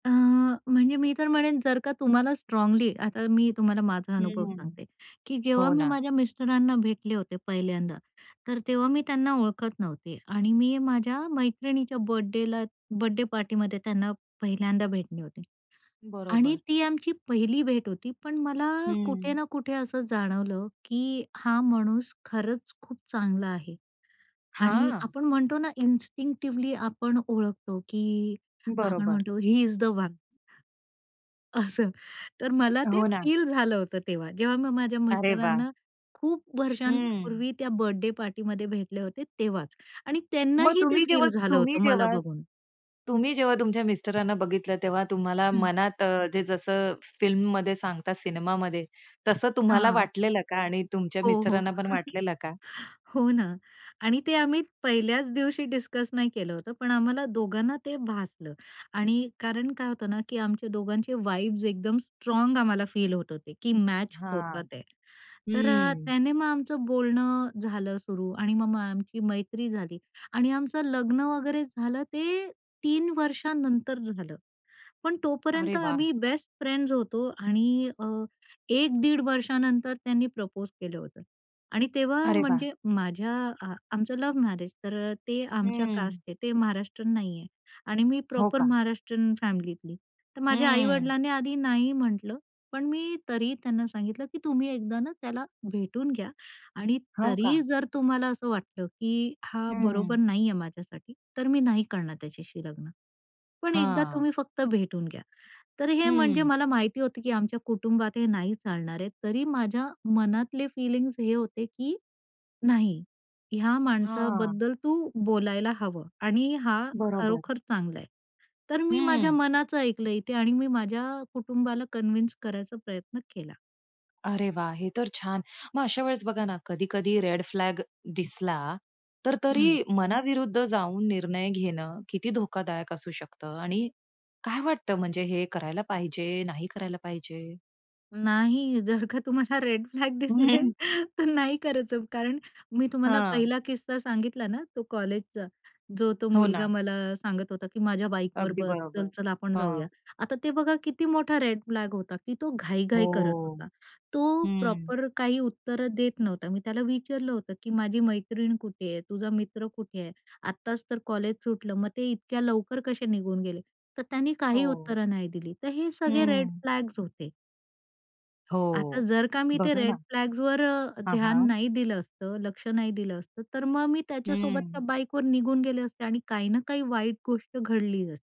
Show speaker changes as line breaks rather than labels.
अ, म्हणजे मी तर म्हणेन, जर का तुम्हाला स्ट्राँगली आता मी तुम्हाला माझा अनुभव
हं,
सांगते की जेव्हा
हो
मी
ना.
माझ्या मिस्टरांना भेटले होते पहिल्यांदा, तर तेव्हा मी त्यांना ओळखत नव्हते आणि मी माझ्या मैत्रिणीच्या बर्थडेला बर्थडे पार्टीमध्ये त्यांना पहिल्यांदा भेटले होते आणि
बरोबर.
ती आमची पहिली भेट होती. पण मला कुठे
हं.
ना कुठे असं जाणवलं की हा माणूस खरंच खूप चांगला आहे आणि
हां.
आपण म्हणतो ना, इन्स्टिंक्टिव्हली आपण ओळखतो की आपण
बरोबर.
म्हणतो, ही इज द वन. असं तर मला ते
हो ना.
फील झालं होतं तेव्हा. जेव्हा मी माझ्या
अरे वाह!
मिस्टरांना खूप
हं.
वर्षांपूर्वी त्या बर्थडे पार्टीमध्ये भेटले होते तेव्हाच आणि त्यांना
मग
ही ते
तुम्ही जेव्हा
फील झालं
तुम्ही
होतं, मला
जेव्हा
बघून.
तुम्ही जेव्हा तुमच्या मिस्टरांना बघितलं तेव्हा तुम्हाला
हं.
मनात अ, जे जसं फिल्ममध्ये सांगतात सिनेमामध्ये, तसं तुम्हाला
हां.
वाटलेलं का आणि तुमच्या
हो. हो.
मिस्टरांना पण वाटलेलं का?
हो ना आणि ते आम्ही पहिल्याच दिवशी डिस्कस नाही केलं होतं, पण आम्हाला दोघांना ते भासलं आणि कारण काय होतं ना की आमच्या दोघांचे वाइब्स एकदम स्ट्राँग आम्हाला फील होत होते की मॅच
हां.
होतात आहे. तर
हं.
त्याने मग आमचं बोलणं झालं सुरू आणि मग मग आमची मैत्री झाली आणि आमचं लग्न वगैरे झालं, ते 3 वर्षांनंतर झालं. पण तोपर्यंत
अरे वाह!
आम्ही बेस्ट फ्रेंड्स होतो आणि अ, 1 दीड वर्षांनंतर त्यांनी प्रपोज केलं होतं आणि तेव्हा,
अरे वाह!
म्हणजे माझ्या आ आमचं लव्ह मॅरेज, तर अ, ते आमच्या
हं.
कास्टचे ते महाराष्ट्रीयन नाही आहे आणि मी
हो
प्रॉपर
का?
महाराष्ट्रीयन फॅमिलीतली. तर माझ्या
हं.
आई-वडिलांनी आधी नाही म्हटलं, पण मी तरी ही त्यांना सांगितलं, "की तुम्ही एकदा ना त्याला भेटून घ्या आणि
हो का?
तरी जर तुम्हाला असं वाटलं की हा बरोबर
हं.
नाही आहे, माझ्यासाठी. तर मी नाही करणार त्याच्याशी लग्न, पण एकदा
हां.
तुम्ही फक्त भेटून घ्या". तर हे म्हणजे
हं.
मला माहिती होतं की आमच्या कुटुंबात हे नाही चालणार आहे, तरी माझ्या मनातले फीलिंग्स हे होते की "नाही, की ह्या
हां.
माणसाबद्दल तू बोलायला हवं आणि हा
बरोबर.
खरोखर चांगला आहे." तर मी माझ्या
हं.
मनाचं ऐकलं इथे आणि मी माझ्या कुटुंबाला कन्विन्स करायचा प्रयत्न केला.
अरे वाह! हे तर छान. मग अशावेळेस बघा ना, कधी-कधी रेड फ्लॅग दिसला, तर तरी
हं.
मनाविरुद्ध जाऊन निर्णय घेणं किती धोकादायक असू शकतं आणि काय वाटतं, म्हणजे हे करायला पाहिजे, नाही करायला पाहिजे?
नाही, जर का तुम्हाला रेड फ्लॅग दिसले
हं.
तर नाही करायचं, कारण मी तुम्हाला
हां.
पहिला किस्सा सांगितला ना तो कॉलेजचा, जो तो
हो
मुलगा
ना.
मला सांगत होता, की "माझ्या बाईकवर
अगदी
बस,
बरोबर.
चल-चल आपण जाऊया".
हां.
आता ते बघा किती मोठा रेड फ्लॅग होता की तो घाई-घाई करत
हो.
होता, तो
हं.
प्रॉपर काही उत्तरं देत नव्हता. मी त्याला विचारलं होतं की "माझी मैत्रीण कुठे आहे? तुझा मित्र कुठे आहे? आत्ताच तर कॉलेज सुटलं, मग ते इतक्या लवकर कसे निघून गेले?" तर त्याने काही
हो.
उत्तरं नाही दिली. तर हे सगळे रेड
हं.
फ्लॅग्स होते. आता
हो.
जर का मी ते
बघा
रेड
ना.
फ्लॅग्सवर अ,
हां,
ध्यान
हां.
नाही दिलं असतं, लक्ष नाही दिलं असतं, तर मग मी त्याच्यासोबत त्या
हं.
बाईकवर निघून गेले असते आणि काही ना काही वाईट गोष्ट घडलीच असती.